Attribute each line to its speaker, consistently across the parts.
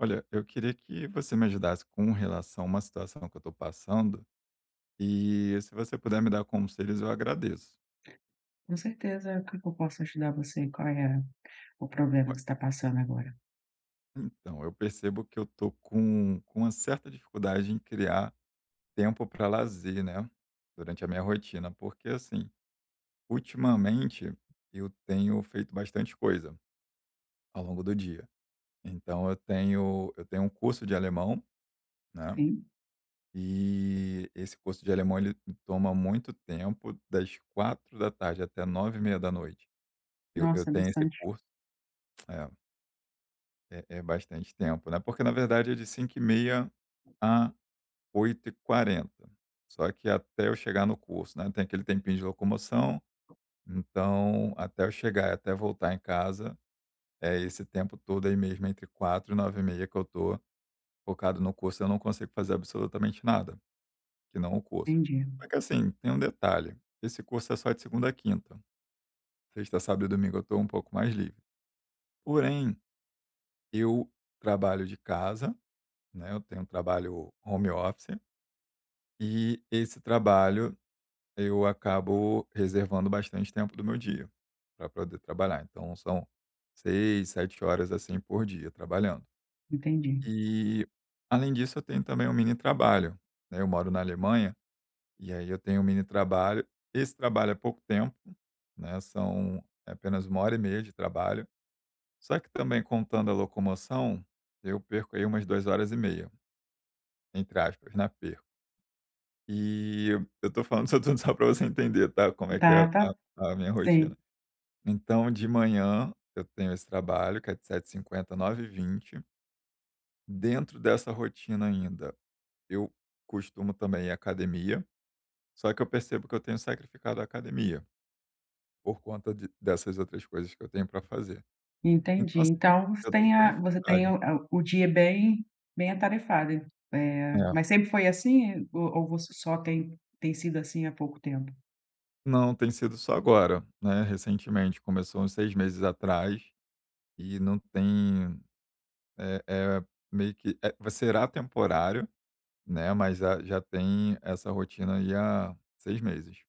Speaker 1: Olha, eu queria que você me ajudasse com relação a uma situação que eu tô passando, e se você puder me dar conselhos eu agradeço.
Speaker 2: Com certeza. O que que eu posso ajudar você e qual é o problema
Speaker 1: Olha
Speaker 2: que você tá passando agora?
Speaker 1: Então, eu percebo que eu estou com com uma certa dificuldade em criar tempo pra lazer, né, durante a minha rotina, porque, assim, ultimamente eu tenho feito bastante coisa ao longo do dia, então eu tenho eu tenho um curso de alemão, né,
Speaker 2: Sim.
Speaker 1: e esse curso de alemão ele toma muito tempo das 16h até 21:30 eu eu
Speaker 2: Nossa,
Speaker 1: tenho esse
Speaker 2: bastante.
Speaker 1: curso. É. É é bastante tempo, né, porque na verdade é de 17h30 a 20h40, só que até eu chegar no curso, né, tem aquele tempinho de locomoção, então, até eu chegar, até voltar em casa, é esse tempo todo aí mesmo entre 16h00 e 21h30 e meia que eu tô focado no curso e eu não consigo fazer absolutamente nada, que não o curso.
Speaker 2: Entendi.
Speaker 1: Só que assim, tem um detalhe, esse curso é só de segunda a quinta. Sexta, sábado e domingo eu tô um pouco mais livre. Porém, eu trabalho de casa, né, eu tenho um trabalho home office, e esse trabalho eu acabo reservando bastante tempo do meu dia pra poder trabalhar. Então são 6, 7, horas, assim, por dia trabalhando.
Speaker 2: Entendi.
Speaker 1: E, além disso, eu tenho também um mini trabalho, né, eu moro na Alemanha, e aí eu tenho um mini trabalho, esse trabalho é pouco tempo, né, são é apenas 1 hora e meia de trabalho. Só que também contando a locomoção, eu perco aí umas 2, horas e meia entre aspas, né, "perco". E, eu estou falando isso tudo só pra você entender, tá, como é que é
Speaker 2: Tá tá
Speaker 1: a a minha rotina.
Speaker 2: Sim.
Speaker 1: Então de manhã eu tenho esse trabalho que é de 7h50 a 9h20. Dentro dessa rotina ainda, eu costumo também ir à academia, só que eu percebo que eu tenho sacrificado à academia por conta de dessas outras coisas que eu tenho pra fazer.
Speaker 2: Entendi.
Speaker 1: Então, assim,
Speaker 2: Então você
Speaker 1: eu tô
Speaker 2: tem
Speaker 1: com
Speaker 2: a você tem
Speaker 1: dificuldade.
Speaker 2: o o dia bem bem atarefada, eh,
Speaker 1: É.
Speaker 2: mas sempre foi assim ou ou você só tem tem sido, assim, há pouco tempo?
Speaker 1: Não tem sido só agora, né, recentemente começou uns 6 meses atrás, e não tem, é é meio que é será temporário, né, mas a já já tem essa rotina aí há 6 meses.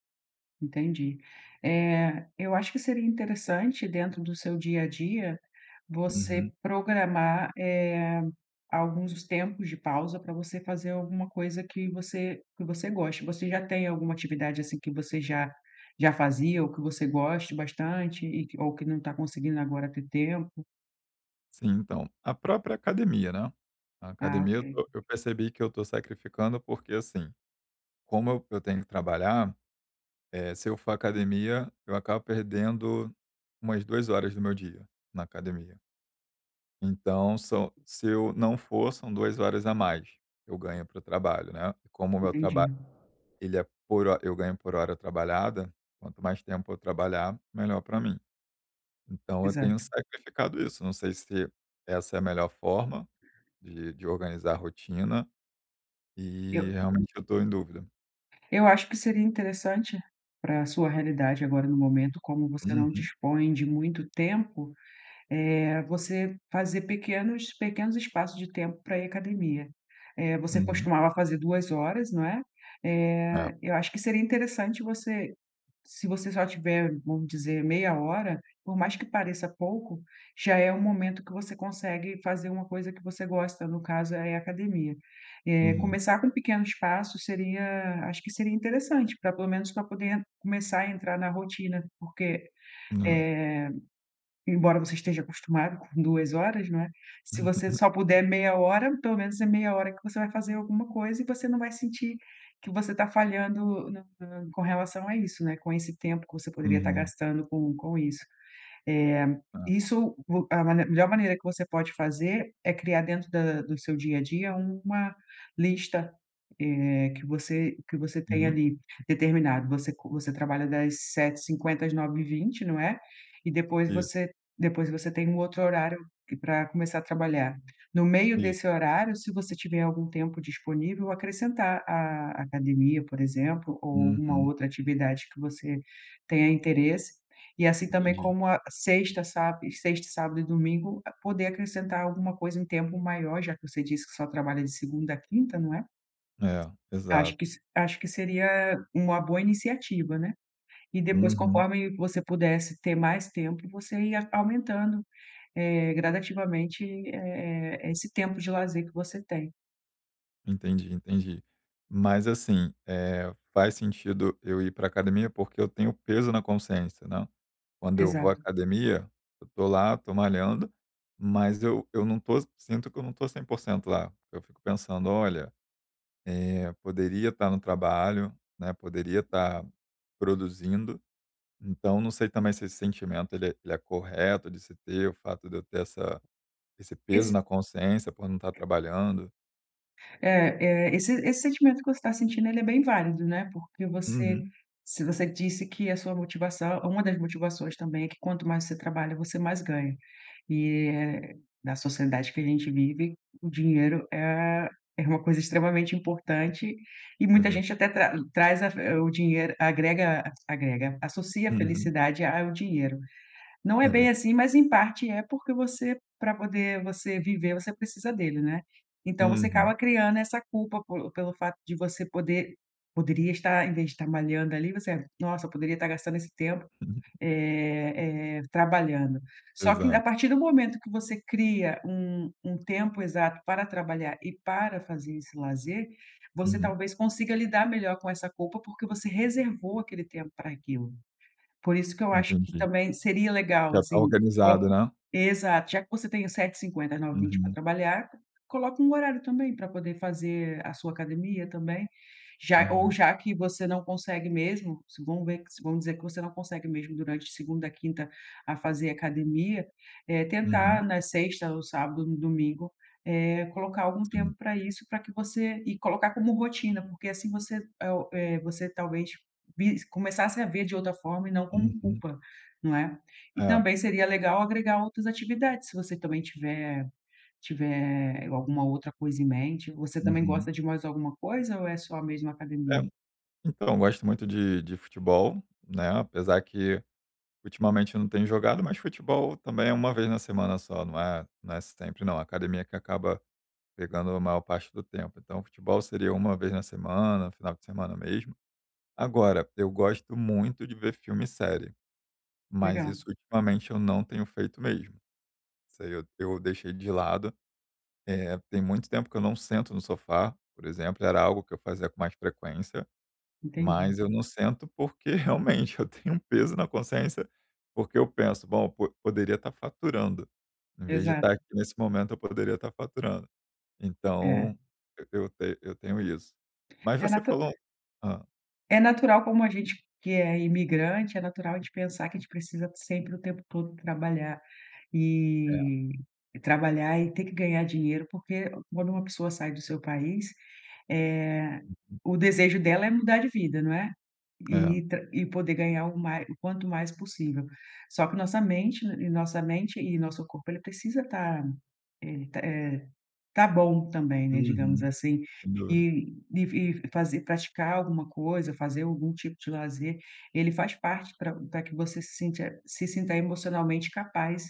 Speaker 2: Entendi, eh, eu acho que seria interessante dentro do seu dia a dia
Speaker 1: Uhum.
Speaker 2: você programar, eh, alguns tempos de pausa para você fazer alguma coisa que você que você goste, você já tem alguma atividade, assim, que você já já fazia o que você goste bastante e que ou que não tá conseguindo agora ter tempo?
Speaker 1: Sim. Então, a própria academia, né, a
Speaker 2: Ah
Speaker 1: academia
Speaker 2: ok.
Speaker 1: eu eu percebi que eu tô sacrificando, porque, assim, como eu eu tenho que trabalhar, eh, se eu for à academia, eu acabo perdendo umas 2 horas do meu dia na academia. Então são se eu não for são 2 horas a mais, eu ganho pro trabalho, né, como o meu trabalho,
Speaker 2: Entendi.
Speaker 1: ele é por hor eu ganho por hora trabalhada, quanto mais tempo eu trabalhar melhor pra mim. Então eu tenho
Speaker 2: Exato.
Speaker 1: sacrificado isso não sei se essa é a melhor forma, de de organizar rotina, e
Speaker 2: Eu
Speaker 1: realmente eu estou em dúvida.
Speaker 2: Eu acho que seria interessante para sua realidade, agora no momento, como você não
Speaker 1: Uhum.
Speaker 2: dispõe de muito tempo, eh, você fazer pequenos pequenos espaços de tempo para ir academia. Eh, você
Speaker 1: Uhum.
Speaker 2: costumava fazer 2 horas, não é?
Speaker 1: É.
Speaker 2: Eh, eu acho que seria interessante você se você só tiver, vamos dizer meia hora, por mais que pareça pouco, já é o momento que você consegue fazer uma coisa que você gosta, no caso aí é academia. Eh,
Speaker 1: Uhum.
Speaker 2: começar com pequenos passos seria acho que seria interessante para pelo menos pra poder começar a entrar na rotina. Porque,
Speaker 1: Hã.
Speaker 2: eh, embora você esteja acostumado com 2 horas, não é? Se
Speaker 1: Hum.
Speaker 2: você
Speaker 1: Uhum.
Speaker 2: só
Speaker 1: Hum.
Speaker 2: puder meia hora, pelo menos é meia hora que você vai fazer alguma coisa e você não vai sentir que você tá falhando não tá com relação a isso, né, com esse tempo que você poderia tá
Speaker 1: Uhum.
Speaker 2: gastando com com isso. É,
Speaker 1: É.
Speaker 2: isso vo é a manem é a melhor maneira que você pode fazer, é criar dentro da do seu dia a dia, uma lista, eh, que você que você tenha
Speaker 1: Hum.
Speaker 2: ali, determinado. Você co você trabalha das 7h50 às 9h20, não é? E depois
Speaker 1: Isso.
Speaker 2: você depois você tem um outro horário que pra começar a trabalhar. No meio
Speaker 1: Isso.
Speaker 2: desse horário, se você tiver algum tempo disponível, acrescentar a academia, por exemplo, ou uma
Speaker 1: Uhum.
Speaker 2: outra atividade que você tenha interesse. E assim também,
Speaker 1: Entendi.
Speaker 2: como a sexta, sáb sexta e sábado e domingo, poder acrescentar alguma coisa, um tempo maior, já que você disse que só trabalha de segunda à quinta, não é?
Speaker 1: É,
Speaker 2: Acho
Speaker 1: exato.
Speaker 2: que se acho que seria uma boa iniciativa, né? E depois
Speaker 1: Uhum.
Speaker 2: conforme você pudesse ter mais tempo, você ia aumentando, eh, gradativamente, eh eh eh, esse tempo de lazer que você tem.
Speaker 1: Entendi, entendi. Mas, assim, eh, faz sentido eu ir pra academia, porque eu tenho peso na consciência, né, quando eu vou à
Speaker 2: Exato.
Speaker 1: academia, eu tô lá, tô malhando, mas eu eu não estou sinto que eu não estou 100% lá. Eu fico pensando: "Olha, eh, poderia estar no trabalho, né, poderia estar produzindo." Então, não sei também se esse sentimento ele é ele é correto de se ter, o fato de eu ter essa esse peso
Speaker 2: Iss
Speaker 1: na consciência por não estar trabalhando.
Speaker 2: É é. Esse esse sentimento que você está sentindo ele é bem válido, né, porque você
Speaker 1: Uhum.
Speaker 2: se você disse que a sua motivação uma das motivações também é que quanto mais você trabalha, você mais ganha e eh, na sociedade que a gente vive, o dinheiro é é uma coisa extremamente importante, e
Speaker 1: É
Speaker 2: muita
Speaker 1: ver
Speaker 2: gente até tra traz a fe o dinheiro agrega agrega associa a
Speaker 1: Uhum.
Speaker 2: felicidade a ao dinheiro. Não é
Speaker 1: É
Speaker 2: bem
Speaker 1: ver
Speaker 2: assim mas, em parte, é, porque você pra poder, você, viver, você precisa dele, não é? Então você
Speaker 1: Uhum.
Speaker 2: acaba criando essa culpa, por pelo fato de você poder poderia estar, ao invés de, malhando, ali, você: "Nossa, eu poderia estar gastando esse tempo,
Speaker 1: [unintelligible]
Speaker 2: eh eh, trabalhando." Só que, a
Speaker 1: Exato.
Speaker 2: partir do momento que você cria um um tempo exato para trabalhar e para fazer esse lazer, você
Speaker 1: Uhum.
Speaker 2: talvez consiga lidar melhor com essa culpa, porque você reservou aquele tempo para aquilo, por isso que eu acho que
Speaker 1: Entendi.
Speaker 2: também seria legal,
Speaker 1: Já está
Speaker 2: assim,
Speaker 1: organizado,
Speaker 2: co
Speaker 1: né?
Speaker 2: exato. Já que você tem os 7h50 às 9h20 pra
Speaker 1: Uhum.
Speaker 2: trabalhar, coloca um horário também pra poder fazer a sua academia também, já ou
Speaker 1: Uhum.
Speaker 2: já que você não consegue mesmo, se vamos ver, vamos dizer que você não consegue mesmo durante segunda a quinta a fazer academia, eh, tentar
Speaker 1: Uhum.
Speaker 2: na sexta ou sábado ou no domingo, eh, colocar algum
Speaker 1: Sim.
Speaker 2: tempo pra isso, pra que você e colocar como rotina porque assim você, é o eh, o você, talvez, vis começasse a ver de outra forma e não como
Speaker 1: Uhum.
Speaker 2: culpa, não é? E
Speaker 1: É.
Speaker 2: também seria legal agregar outras atividades se você também tiver tiver alguma outra coisa em mente. Você também
Speaker 1: Uhum.
Speaker 2: gosta de mais alguma coisa ou é só mesmo
Speaker 1: É.
Speaker 2: academia?
Speaker 1: Então, eu gosto muito de de futebol, né, apesar que, ultimamente, eu não tenho jogado, mas futebol também é 1 vez na semana só, não é não é sempre não, a academia que acaba pegando a maior parte do tempo, então, futebol seria 1 vez na semana, final de semana mesmo. Agora, eu gosto muito de ver filme e série, mas
Speaker 2: Legal.
Speaker 1: isso ultimamente eu não tenho feito mesmo. Isso aí eu eu deixei de lado. Eh, tem muito tempo que eu não sento no sofá, por exemplo, e era algo que eu fazia com mais frequência.
Speaker 2: Entendi.
Speaker 1: Mas eu não sento porque realmente eu tenho um peso na consciência, porque eu penso: "Bom, po poderia estar faturando, em vez de
Speaker 2: Exato.
Speaker 1: estar aqui nesse momento, eu poderia estar faturando". Então,
Speaker 2: É.
Speaker 1: e eu te eu tenho isso. Mas
Speaker 2: É
Speaker 1: você
Speaker 2: natu
Speaker 1: falou Hã.
Speaker 2: É natural, como a gente que é imigrante, é natural de pensar que a gente precisa sempre o tempo todo trabalhar.
Speaker 1: É.
Speaker 2: E trabalhar, e ter que ganhar dinheiro, porque quando uma pessoa sai do seu país, eh,
Speaker 1: Uhum.
Speaker 2: o desejo dela é mudar de vida, não é?
Speaker 1: É.
Speaker 2: E tam e poder ganhar o ma o quanto mais possível, só que nossa mente e e nossa mente e nosso corpo ele precisa estar, eh, e t eh, tá bom também, né, digamos
Speaker 1: Uhum,
Speaker 2: assim,
Speaker 1: sem dúvida.
Speaker 2: e e e fazer praticar alguma coisa, fazer algum tipo de lazer, ele faz parte pra pra que você se sinta se sinta emocionalmente capaz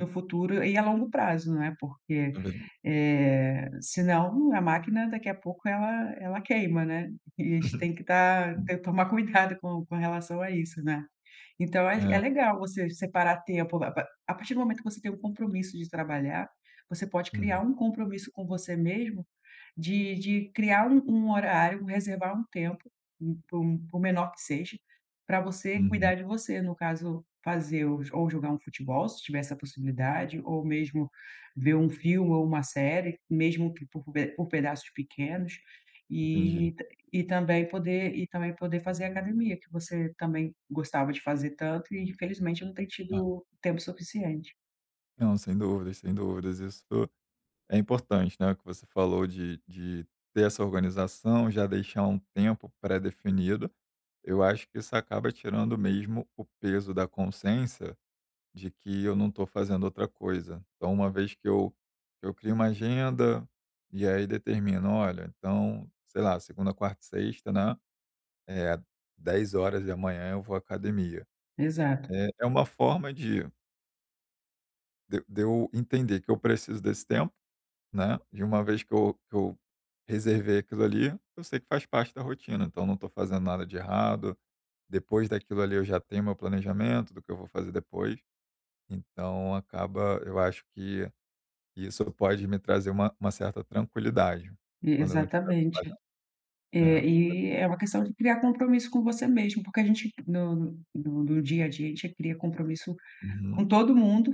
Speaker 2: no futuro, e a longo prazo, né, porque,
Speaker 1: É verdade.
Speaker 2: eh, senão a máquina daqui a pouco ela ela queima, né, e a gente
Speaker 1: Uhum.
Speaker 2: tem que estar
Speaker 1: Hum.
Speaker 2: te tomar cuidado com com relação a isso, né. Então ach é é
Speaker 1: É.
Speaker 2: legal você separar tempo, a pa a partir do momento que você tem o compromisso de trabalhar, você pode
Speaker 1: Uhum.
Speaker 2: criar um compromisso com você mesmo, de de criar um um horário, reservar um tempo, por por por menor que seja, pra você
Speaker 1: Uhum.
Speaker 2: cuidar de você, no caso fazer ou ou jogar um futebol se tiver essa possibilidade, ou mesmo ver um filme ou uma série, mesmo que por pe por pedaços pequenos,
Speaker 1: Entendi.
Speaker 2: e t e também poder e também poder fazer academia, que você também gostava de fazer tanto e infelizmente não tem
Speaker 1: É.
Speaker 2: tido tempo suficiente.
Speaker 1: Não, sem dúvidas, sem dúvidas, isso é importante, né, o que você falou de de ter essa organização, já deixar um tempo predefinido, eu acho que isso acaba tirando mesmo o peso da consciência de que eu não estou fazendo outra coisa. Então uma vez que eu eu crio uma agenda, e aí determino: "Olha, então, sei lá, segunda, quarta e sexta, né, eh, 10h eu vou à academia".
Speaker 2: Exato.
Speaker 1: Eh, é uma forma de De de eu entender que eu preciso desse tempo, né, de uma vez que eu que eu reservei aquilo ali, eu sei que faz parte da rotina, então não estou fazendo nada de errado. Depois daquilo ali, eu já tenho o meu planejamento do que eu vou fazer depois. Então acaba eu acho que isso pode me trazer uma uma certa tranquilidade,
Speaker 2: E
Speaker 1: quando eu não estiver
Speaker 2: exatamente.
Speaker 1: trabalhando, né
Speaker 2: Eh, e é uma
Speaker 1: [unintelligible]
Speaker 2: questão de criar compromisso com você mesmo porque a gente no no no dia a dia, a gente cria compromisso com
Speaker 1: Uhum.
Speaker 2: todo mundo,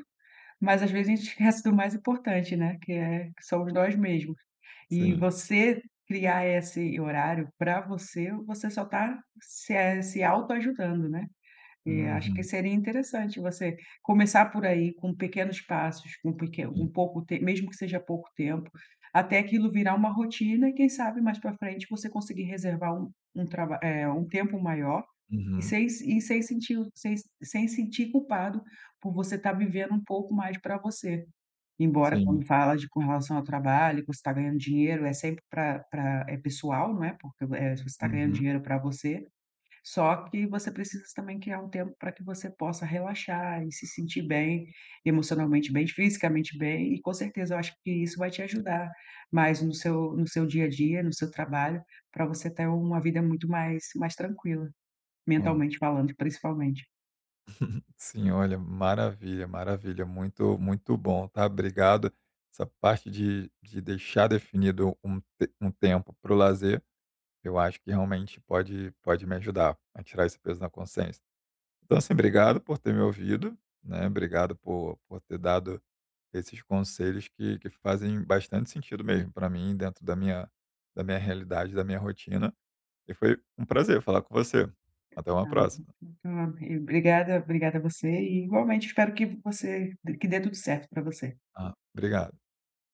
Speaker 2: mas às vezes a gente esquece do mais importante, né, que é que somos nós mesmos. E
Speaker 1: Sim.
Speaker 2: você criar esse horário para você, você só está se é se autoajudando, né? E acho que
Speaker 1: Uhum.
Speaker 2: seria interessante você começar por aí com pequenos passos, com peque com
Speaker 1: Sim.
Speaker 2: pouco t mesmo que seja pouco tempo até aquilo virar uma rotina e quem sabe, mais para frente, você conseguir reservar um um trab eh, um tempo maior e
Speaker 1: Uhum.
Speaker 2: sem se e sem sentir o sem sem sentir culpado por você estar vivendo um pouco mais para você. Embora
Speaker 1: Sim.
Speaker 2: quando fala de com relação ao trabalho, que você tá ganhando dinheiro é sempre para para é pessoal, não é? Porque o eh, você está ganhando
Speaker 1: Uhum.
Speaker 2: dinheiro para você, só que você precisa também criar um tempo para que você possa relaxar e se sentir bem, emocionalmente bem, fisicamente bem. E com certeza eu acho que isso vai te ajudar, mais no seu no seu dia a dia, no seu trabalho, para você ter uma vida muito mais mais tranquila,
Speaker 1: Hã.
Speaker 2: mentalmente falando, principalmente.
Speaker 1: Sim, olha, maravilha, maravilha, muito, muito bom, tá? Obrigado. Essa parte de de deixar definido um t um tempo para o lazer, eu acho que realmente pode pode me ajudar a tirar esse peso na consciência. Então, assim, obrigado por ter me ouvido, né, obrigado por por ter dado esses conselhos que que fazem bastante sentido mesmo para mim dentro da minha da minha realidade, da minha rotina. E foi um prazer falar com você. Até uma
Speaker 2: [unintelligible]
Speaker 1: próxima.
Speaker 2: Obrigada, obrigada você e, igualmente, espero que você que dê tudo certo para você.
Speaker 1: Ah, obrigado.